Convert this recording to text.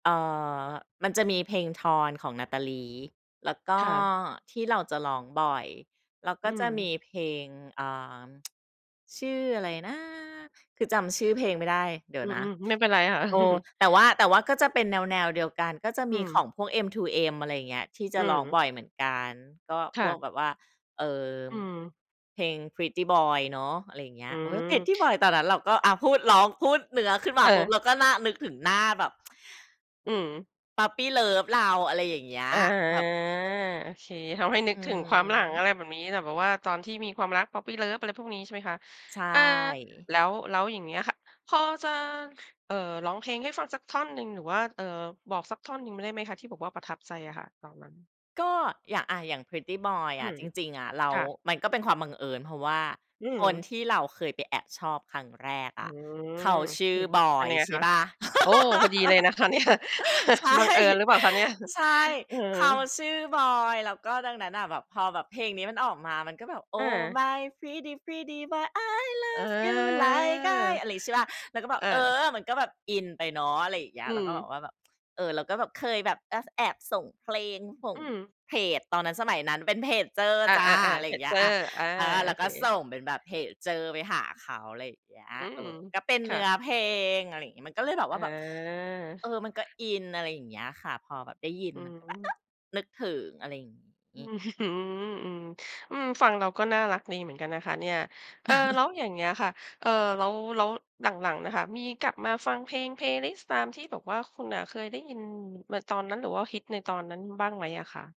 เอ่อ มันจะมีเพลง "Torn" ของ Natalie แล้วก็ค่ะ ที่เราจะร้องบ่อย เรากอื็จะมีม เพลง อ่า ชื่ออะไรนะ คือจำชื่อเพลงไม่ได้ เดี๋อยวืนะ ม ๆ ไม่เป็นไรค่ะ เออ แต่ว่า แต่ว่าก็จะเป็นแนว ๆ เดียวกัน ก็จะอืมีขม องพวก M2M อะไรอย่างเงี้ย ที่จอะืร้องบม ่อยเหมือนกัน ก็คพ่วะ กแบบว่า เอ่อ อืม เพลง "Pretty Boy" เนาะ อะไรอย่างเงี้อย ืโอ๊ย Pretty Boy ม ตอนนั้นเราก็ อา พูดร้อง พูดเนื้อขึ้นมาเปุ๊บ ออ เราก็หน้า นึกถึงหน้าแบบ อืม Puppy Love เรา อะไรอย่างเงี้ย อ๋อ แบบ โอเค ทำให้นึอกืถึงความหลัง อม ะไรแบบนี้ แหล่ แบบว่าตอนที่มีความรัก Poppy Love อะไรพวกนี้ ใช่ไหมคะ ใชเออ ่ แล้ว แล้วอย่างเงี้ยค่ะ พอจะ เอ่อ ร้องเพลงให้ฟังสักท่อนหนึ่ง หรือว่า เอ่อ บอกสักท่อนหนึ่งมได้ไหมคะ? ที่บอกว่าประทับใจอะค่ะ ตอนนั้น ก็อย่าง อะ อย่าง Pretty Boy ออืะ ม จริง ๆ อะเรา ค่ะ มันก็เป็นความบังเอิญ เพราะว่าอืคนม ที่เราเคยไปแอบชอบครั้งแรกออือ ะ เขาชื่ออืม บอยังย ไงอใะชค่ะ เปล่า โอ้ พอดีเลยนะคะ เนี่ย ใช่ บังเอิญหรือเปล่าคะเนี่ย ใช่ อือ เขาชื่อบอย แล้วก็ดังนั้นน่ะ แบบพอแบบเพลงนี้มันออกมา มันก็แบบ อOh า my pretty pretty boy I เออ love you like I อะไรงี้ ใช่เปล่า เราก็แบบ อเอา อ มันก็แบบอินไปเนาะ อะไรอย่างเงี้อืย แล้วก็แบม บว่าแบบ เออ เราก็แบบเคยแบบ อ ส แอบส่งเพลง ส่องืม เพจ ตอนนั้น สมัยนั้นเป็นเพจเจอร์อา จ้ะ อะๆ ไๆ รเพอย่างจเงีเจ้ย ออา ร์ อา เออ โแอล้วเค ก็ส่งเป็นแบบเพจเจอร์ไปหาเขา อะไรอย่างเงี้ย อืเอม อ ก็เป็นคเน่ืะ ้อเพลง อะไรอย่างงี้ มันก็เลยแบบว่าแบบ อเอา อ มันก็อิน อะไรอย่างเงี้ยค่ะ พอแบบได้ยินอืมอันก็ฮแบบ เอึ อ นึกถึง อะไรอย่างองื้ี้ อฮือ อือ อืม ฟังแล้ว ก็น่ารักดีเหมือนกันนะคะเนี่ย เออ แล้วอย่างเงี้ยค่ะ เอ่อ แล้ว แล้วหลัง ๆ อะค่ะ มีกลับมาฟังเพลง Playlist ตามที่แบบว่าคุณน่ะเคยได้ยิน ม ตอนนั้น หรือว่าฮิตในตอนนั้นบ้างไหมอะคะ?